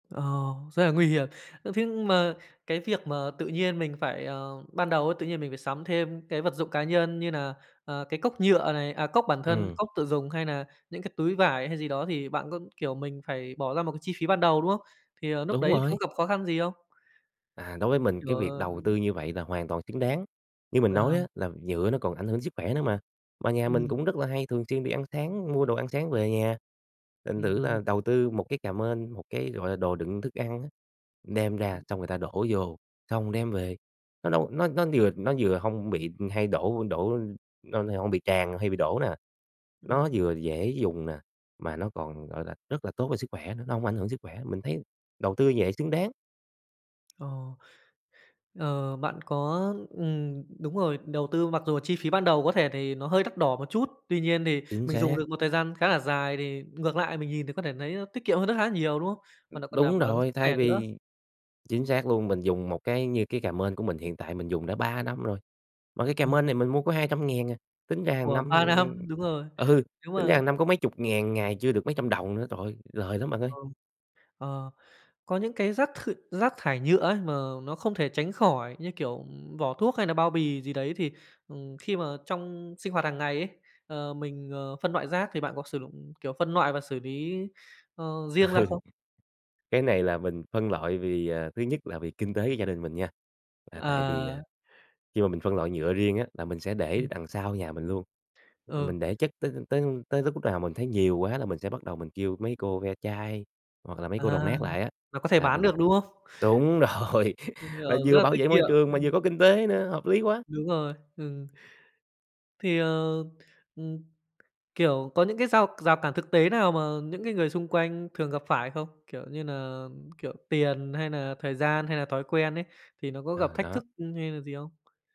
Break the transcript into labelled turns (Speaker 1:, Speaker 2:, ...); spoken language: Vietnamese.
Speaker 1: Ờ, rất là nguy hiểm. Ơ, thế mà cái việc mà tự nhiên mình phải, ờ ban đầu ấy tự nhiên mình phải sắm thêm cái vật dụng cá nhân như nà, à, cái cốc nhựa này, à, cốc bản thân,
Speaker 2: Ừm.
Speaker 1: cốc tự dùng hay nà những cái túi vải hay gì đó, thì bạn có, kiểu, mình phải bỏ ra một cái chi phí ban đầu, đúng hông? Thì, ờ, núc
Speaker 2: Đúng
Speaker 1: đấy có
Speaker 2: rồi.
Speaker 1: gặp khó khăn gì không?
Speaker 2: À, đối với mình cái
Speaker 1: Trời
Speaker 2: việc
Speaker 1: ơi
Speaker 2: đầu tư
Speaker 1: [unintelligible]
Speaker 2: như vậy là hoàn toàn xứng đáng. Như mình
Speaker 1: Ờ.
Speaker 2: nói á là nhựa nó còn ảnh hưởng sức khỏe nữa mà, mà nhà mình
Speaker 1: Ừm.
Speaker 2: cũng rất là hay thường xuyên đi ăn sáng, mua đồ ăn sáng về nhà, thành
Speaker 1: Ừm,
Speaker 2: thử là
Speaker 1: ừm.
Speaker 2: đầu tư một cái cà mên, một cái, gọi là, đồ đựng thức ăn á, đem ra
Speaker 1: Ừm.
Speaker 2: xong người ta đổ vô, xong đem về, nó đâu nó nó vừa nó vừa hông bị hay đổ đổ, ưm, lo nà hông bị tràn hay bị đổ nè. Nó
Speaker 1: Ừm.
Speaker 2: vừa dễ dùng nè, mà nó còn, gọi là, rất là tốt cho sức khỏe nữa, nó hông ảnh hưởng sức khỏe, mình thấy đầu tư vậy xứng đáng.
Speaker 1: Ờ. Ờ, bạn có ừm, đúng rồi, đầu tư mặc dù chi phí ban đầu có thể thì nó hơi đắt đỏ một chút, tuy nhiên thì
Speaker 2: Chính
Speaker 1: mình dùng
Speaker 2: xác.
Speaker 1: được một thời gian khá là dài thì ngược lại mình nhìn thì có thể nấy nó tiết kiệm hơn rất há nhiều, đúng hông?
Speaker 2: Ừm.
Speaker 1: Và nại còn đảm
Speaker 2: Đúng
Speaker 1: bảo sức
Speaker 2: rồi, thay
Speaker 1: khỏe nữa.
Speaker 2: vì chính xác luôn, mình dùng một cái như cái cà mên của mình hiện tại mình dùng đã 3 năm rồi, mà cái cà
Speaker 1: Ừm.
Speaker 2: mên này mình mua có 200.000 à, tính ra hàng
Speaker 1: Ủa,
Speaker 2: năm,
Speaker 1: 3
Speaker 2: ừm, ừm,
Speaker 1: năm, đúng rồi.
Speaker 2: ừ,
Speaker 1: Nếu
Speaker 2: tính ra
Speaker 1: mà
Speaker 2: hàng năm có mấy chục ngàn ngày, chưa được mấy trăm đồng nữa, trời ơi, lời lắm bạn ơi.
Speaker 1: Ờ. Ờ. Có những cái rác th rác thải nhựa ấy mà nó không thể tránh khỏi, như kiểu, ừm, vỏ thuốc hay nà bao bì gì đấy thì, ừm, khi mà trong sinh hoạt hàng ngày ấy, ờ, mình, ờ, phân loại rác thì bạn có sử dụng, kiểu, phân loại và xử lý, ờ, riêng ra
Speaker 2: Ừ.
Speaker 1: không?
Speaker 2: Cái này là mình phân loại vì, à, thứ nhất là vì kinh tế của gia đình mình nha, là tại vì, à,
Speaker 1: À.
Speaker 2: khi mà mình phân loại nhựa riêng á, là mình sẽ để
Speaker 1: Ừm.
Speaker 2: đằng sau nhà mình luôn.
Speaker 1: Ừ.
Speaker 2: Mình để chất t t tới tới lúc nào mình thấy nhiều quá là mình sẽ bắt đầu mình kêu mấy cô ve chai, hoặc là mấy cô đồng
Speaker 1: À.
Speaker 2: nát lại á,
Speaker 1: Nó có thể
Speaker 2: là
Speaker 1: bán
Speaker 2: mình
Speaker 1: được, đúng hông?
Speaker 2: túng rồi
Speaker 1: [unintelligible]
Speaker 2: mà
Speaker 1: rất
Speaker 2: vừa
Speaker 1: là
Speaker 2: bảo
Speaker 1: tiết
Speaker 2: vệ môi
Speaker 1: kiệm.
Speaker 2: trường mà vừa
Speaker 1: Ừm.
Speaker 2: có kinh tế nữa, hợp lý quá.
Speaker 1: Đúng rồi, ừm. Thì, ờ, ừm, kiểu, có những cái rao rào cản thực tế nào mà những cái người xung quanh thường gặp phải không? Kiểu như nà, ừm, kiểu, tiền hay nà thời gian hay nà thói quen ấy, thì nó có gặp
Speaker 2: Ừ,
Speaker 1: thách
Speaker 2: đó.
Speaker 1: thức, ưm, hay là gì không?